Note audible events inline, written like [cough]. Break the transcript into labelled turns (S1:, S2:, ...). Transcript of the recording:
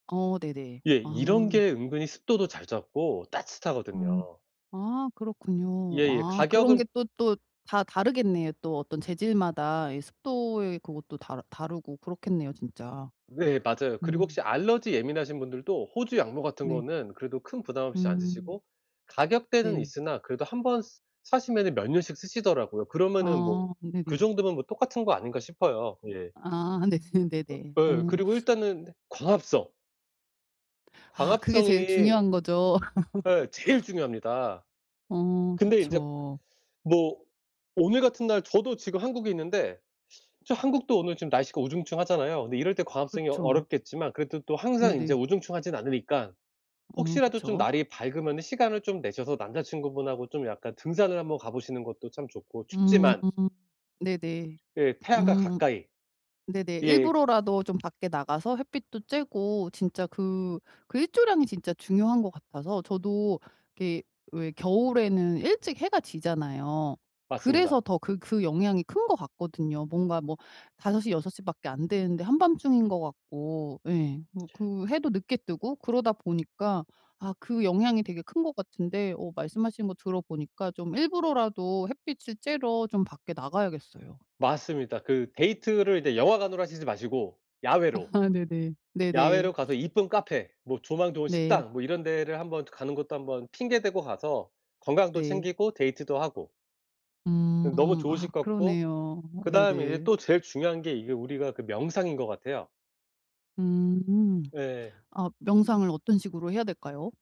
S1: 어 네네.
S2: 예, 이런
S1: 아.
S2: 게 은근히 습도도 잘 잡고
S1: 음.
S2: 따뜻하거든요.
S1: 아 그렇군요.
S2: 예예.
S1: 아
S2: 가격은
S1: 그런게 또 또 다 다르겠네요. 또 어떤 재질마다 이 습도의 그것도 다 다르고 그렇겠네요. 진짜.
S2: 네, 맞아요. 그리고
S1: 음.
S2: 혹시 알레르기 예민하신 분들도 호주 양모 같은
S1: 네.
S2: 거는 그래도 큰 부담 없이 안
S1: 음.
S2: 쓰시고, 가격대는
S1: 네.
S2: 있으나 그래도 1 번 스 사시면은 몇 년씩 쓰시더라고요. 그러면은
S1: 아
S2: 뭐, 그
S1: 네네.
S2: 정도면 뭐 똑같은 거 아닌가 싶어요. 예.
S1: 아 네 네네.
S2: 예
S1: 어.
S2: 그리고 일단은 광합성.
S1: 아, 그게 제일
S2: 광합성이
S1: 중요한 거죠.
S2: 예 제일
S1: [laughs]
S2: 중요합니다.
S1: 어
S2: 근데 인제
S1: 그쵸.
S2: 뭐 오늘 같은 날 저도 지금 한국에 있는데 저 한국도 오늘 지금 날씨가 우중충하잖아요. 근데 이럴 때 광합성이 어
S1: 그쵸.
S2: 어렵겠지만 그래도 또 항상 인제
S1: 네네.
S2: 우중충하진 않으니까,
S1: 어
S2: 혹시라도 좀
S1: 그쵸.
S2: 날이 밝으면은 시간을 좀 내셔서 남자친구분하고 좀 약간 등산을 한번 가보시는 것도 참 좋고
S1: 음.
S2: 춥지만
S1: 네네.
S2: 그 태양과
S1: 으음.
S2: 가까이
S1: 네네.
S2: 예.
S1: 일부러라도 좀 밖에 나가서 햇빛도 쬐고 진짜 그 그 일조량이 진짜 중요한 것 같아서 저도 이렇게 왜 겨울에는 일찍 해가 지잖아요.
S2: 맞습니다.
S1: 그래서 더 그 그 영향이 큰 것 같거든요. 뭔가 뭐 5:00 6:00 밖에 안 되는데 한밤중인 것 같고 예 뭐 그 해도 늦게 뜨고 그러다 보니까, 아 그 영향이 되게 큰 것 같은데 어 말씀하신 거 들어보니까 좀 일부러라도 햇빛을 쬐러 좀 밖에 나가야겠어요.
S2: 맞습니다. 그 데이트를 인제 영화관으로 하시지 마시고 야외로,
S1: [laughs] 네네. 네네.
S2: 야외로 가서 이쁜 카페 뭐 조망 좋은
S1: 네.
S2: 식당 뭐 이런 데를 한번 가는 것도 한번 핑계 대고 가서 건강도
S1: 네.
S2: 챙기고 데이트도 하고. 응 너무
S1: 음.
S2: 좋으실
S1: 아
S2: 것 같고
S1: 그러네요. 어
S2: 그 다음에 이제
S1: 네네.
S2: 또 제일 중요한 게 이게 우리가 그 명상인 것 같아요.
S1: 음.
S2: 네.
S1: 아 명상을 어떤 식으로 해야 될까요?